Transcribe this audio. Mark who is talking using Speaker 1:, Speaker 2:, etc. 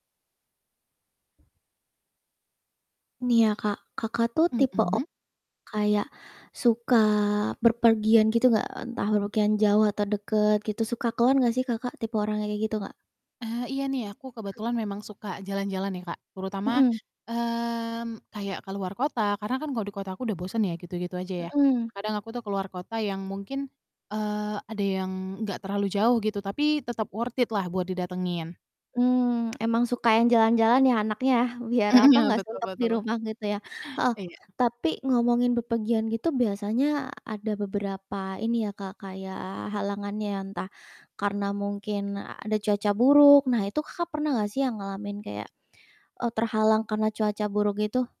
Speaker 1: Nih ya Kak, Kakak tuh tipe o
Speaker 2: Mhm.
Speaker 1: kayak suka berpergian gitu enggak? Entah bepergian jauh atau deket gitu, suka keluar enggak sih Kakak, tipe orang kayak gitu gak?
Speaker 2: Eh, iya nih aku
Speaker 1: Mmm.
Speaker 2: kebetulan memang suka jalan-jalan ya Kak terutama,
Speaker 1: Mhm.
Speaker 2: mmm, kayak keluar kota, karena kan kalau di kota aku udah bosen ya gitu-gitu aja ya.
Speaker 1: Mhm.
Speaker 2: Kadang aku tuh keluar kota yang mungkin, eee, ada yang gak terlalu jauh gitu, tapi tetep worth it-lah buat didatengin.
Speaker 1: Mmm, emang suka yang jalan-jalan ya anaknya, biar
Speaker 2: Mhm,
Speaker 1: apa,
Speaker 2: ya
Speaker 1: gak
Speaker 2: betul
Speaker 1: suntuk di
Speaker 2: betul.
Speaker 1: rumah gitu ya, heeh.
Speaker 2: Iya.
Speaker 1: Tapi ngomongin bepergian gitu biasanya ada beberapa ini ya Kak, kayak halangannya ya, entah karena mungkin ada cuaca buruk. Nah itu Kakak pernah enggak sih yang ngalamin kayak, eee, terhalang karena cuaca buruk itu?